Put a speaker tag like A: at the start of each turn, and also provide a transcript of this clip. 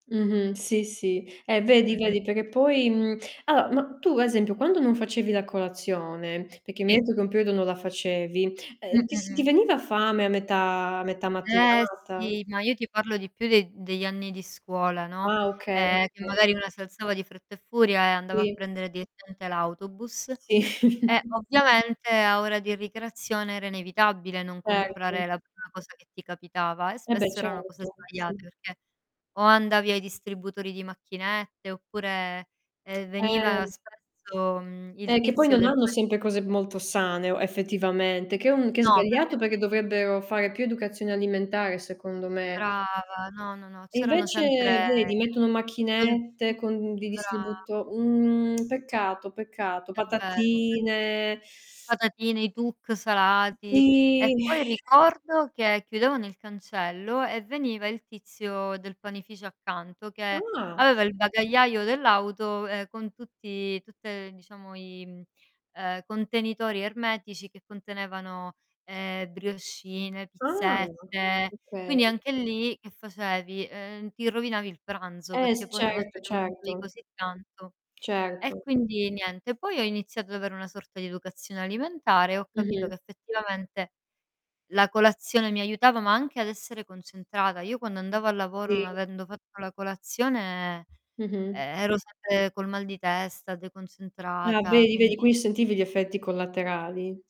A: Mh-mh. Sì, sì. Eh vedi,
B: Mh-mh.
A: vedi, perché poi, mhmm allora, ma tu a esempio, quando non facevi la colazione, perché mi hai
B: Sì.
A: etto che un periodo non la facevi,
B: Mh,
A: ehm, ti si
B: mh,
A: ti
B: mh.
A: veniva fame a metà a metà
B: Eh
A: mattinata?
B: sì, ma io ti parlo di più degl degli anni di scuola, no,
A: Ah okay,
B: ehm, che
A: okay.
B: magari una si alzava di fretta e furia, e andava a
A: Sì.
B: prendere direttamente l'autobus,
A: Sì.
B: e ovviamente a ora di ricreazione era inevitabile non
A: Erto.
B: comprare la prima cosa che ti capitava, e
A: E beh
B: spesso erano cose
A: certo, sì.
B: sbagliate, perchè o andavi ai distributori di macchinette, oppure, ehm, veniva
A: Eh.
B: spesso, mhmm, il
A: E che poi
B: tizio
A: non
B: del
A: hanno
B: [unintelligible]
A: sempre cose molto sane o effettivamente, che è un che è
B: No,
A: sbagliato,
B: perchè
A: perché
B: c'è
A: dovrebbero fare più educazione alimentare, secondo me.
B: Brava, no, no, no,
A: E
B: c'erano
A: invece
B: sempre
A: vedi, mettono macchinette
B: [unintelligible]
A: con di
B: brava.
A: distribuito mhmm, peccato, peccato,
B: È vero. [unintelligible]
A: patatine
B: Patatine, i Tuc salati,
A: Sì.
B: e poi ricordo che chiudevano il cancello, e veniva il tizio del panificio accanto, che
A: Ah.
B: aveva il bagagliaio dell'auto, ehm, con tutti tutte, ehm, diciamo i, mhmm, ehm, contenitori ermetici che contenevano, ehm, briochine,
A: Ah,
B: pizzette,
A: okay.
B: quindi anche lì che facevi: ehm, ti rovinavi il pranzo
A: Eh
B: perché
A: s
B: poi una
A: certo,
B: volta che mangiavi
A: certo.
B: così tanto e
A: Certo.
B: quindi niente. Poi ho iniziato ad avere una sorta di educazione alimentare e ho capito
A: Mh-mh.
B: che effettivamente la colazione mi aiutava, ma anche ad essere concentrata. Io quando andavo a lavoro non
A: Sì.
B: avendo fatto la colazione,
A: Mh-mh.
B: ehm, ero sempre col mal di testa,
A: Ah,
B: deconcentrata,
A: vedi, vedi,
B: quindi
A: qui sentivi gli effetti collaterali.